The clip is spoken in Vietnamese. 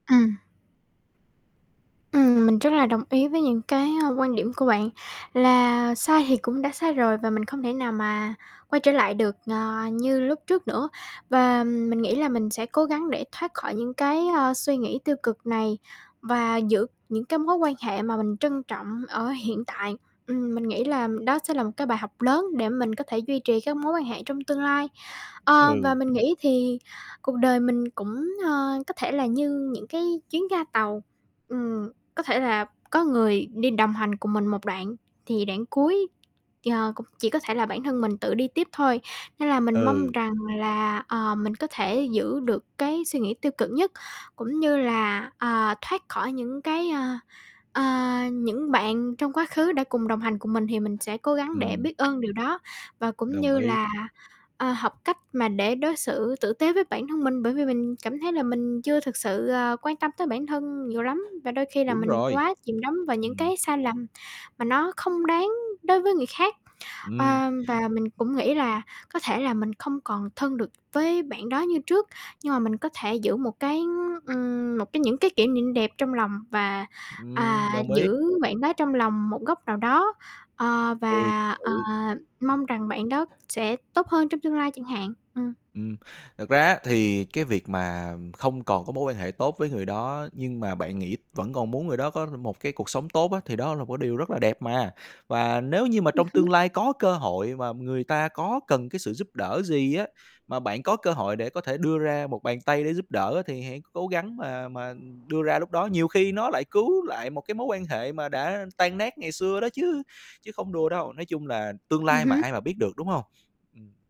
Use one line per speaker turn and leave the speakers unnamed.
Ừm. Ừm, mình rất là đồng ý với những cái, ờ, quan điểm của bạn, là sai thì cũng đã sai rồi và mình không thể nào mà quay trở lại được, ờ, như lúc trước nữa. Và mình nghĩ là mình sẽ cố gắng để thoát khỏi những cái, ờ, suy nghĩ tiêu cực này và giữ những cái mối quan hệ mà mình trân trọng ở hiện tại. Ừm, mình nghĩ là đó sẽ là một cái bài học lớn để mình có thể duy trì các mối quan hệ trong tương lai. Ờ, và
Ừ.
mình nghĩ thì cuộc đời mình cũng, ờ, có thể là như những cái chuyến ga tàu. Ừm, có thể là có người đi đồng hành cùng mình một đoạn, thì đoạn cuối, ờ, cũng chỉ có thể là bản thân mình tự đi tiếp thôi. Nên là mình mong
Ừ.
rằng là, ờ, mình có thể giữ được cái suy nghĩ tiêu cực nhất, cũng như là, ờ, thoát khỏi những cái, ờ, ờ những bạn trong quá khứ đã cùng đồng hành cùng mình thì mình sẽ cố gắng để
Ừm.
biết ơn điều đó và cũng
Đồng
như
ý.
là, ờ, học cách mà để đối xử tử tế với bản thân mình, bởi vì mình cảm thấy là mình chưa thực sự, ờ, quan tâm tới bản thân nhiều lắm, và đôi khi là
Đúng
mình
rồi.
quá chìm đắm vào những
Ừm.
cái sai lầm mà nó không đáng đối với người khác.
Ừm.
Ờ, và mình cũng nghĩ là có thể là mình không còn thân được với bạn đó như trước, nhưng mà mình có thể giữ một cái, ưm, ừm, một cái những cái kỉ niệm đẹp trong lòng và, à,
Ừm, đồng ý.
giữ bạn đó trong lòng một góc nào đó, ờ,
Ừ, thật
và, ờ,
sự.
mong rằng bạn đó sẽ tốt hơn trong tương lai chẳng hạn. Ừm.
Ừm, thực ra á thì cái việc mà không còn có mối quan hệ tốt với người đó nhưng mà bạn nghĩ vẫn còn muốn người đó có r một cái cuộc sống tốt á thì đó là một cái điều rất là đẹp mà. Và nếu như mà
Ừm
trong tương
hứm.
lai có cơ hội mà người ta có cần cái sự giúp đỡ gì á, mà bạn có cơ hội để có thể đưa ra một bàn tay để giúp đỡ á thì hãy c cố gắng mà mà đưa ra lúc đó. Nhiều khi nó lại cứu lại một cái mối quan hệ mà đã tan nát ngày xưa đó chứ, chứ không đùa đâu. Nói chung là tương
Ừm
lai mà
hứm.
ai mà biết được, đúng hông? Ừm.